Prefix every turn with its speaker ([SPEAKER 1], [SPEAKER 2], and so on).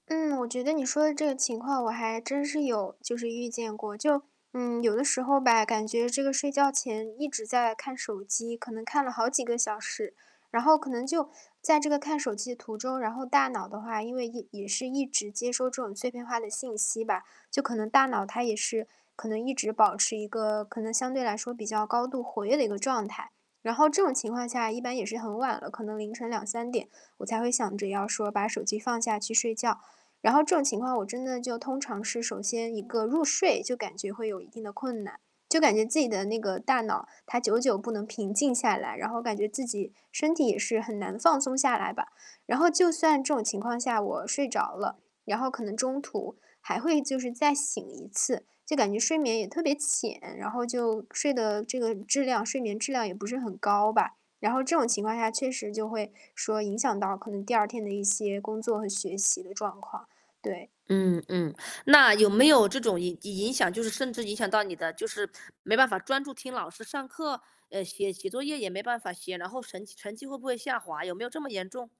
[SPEAKER 1] 嗯，我觉得你说的这个情况我还真是有，就是遇见过。就，嗯，有的时候吧，感觉这个睡觉前一直在看手机，可能看了好几个小时。然后可能就在这个看手机的途中，然后大脑的话，因为一也是一直接收这种碎片化的信息吧，就可能大脑它也是可能一直保持一个，可能相对来说比较高度活跃的一个状态。然后这种情况下一般也是很晚了，可能凌晨2-3点，我才会想着要说把手机放下去睡觉。然后这种情况我真的就通常是，首先一个入睡就感觉会有一定的困难，就感觉自己的那个大脑它久久不能平静下来，然后感觉自己身体也是很难放松下来吧。然后就算这种情况下我睡着了，然后可能中途还会就是再醒一次，就感觉睡眠也特别浅，然后就睡的这个质量睡眠质量也不是很高吧。然后这种情况下确实就会说影响到可能第二天的一些工作和学习的状况，对。
[SPEAKER 2] 嗯嗯，那有没有这种影影影响，就是甚至影响到你的就是没办法专注听老师上课，呃，写写作业也没办法写，然后成绩成绩会不会下滑，有没有这么严重？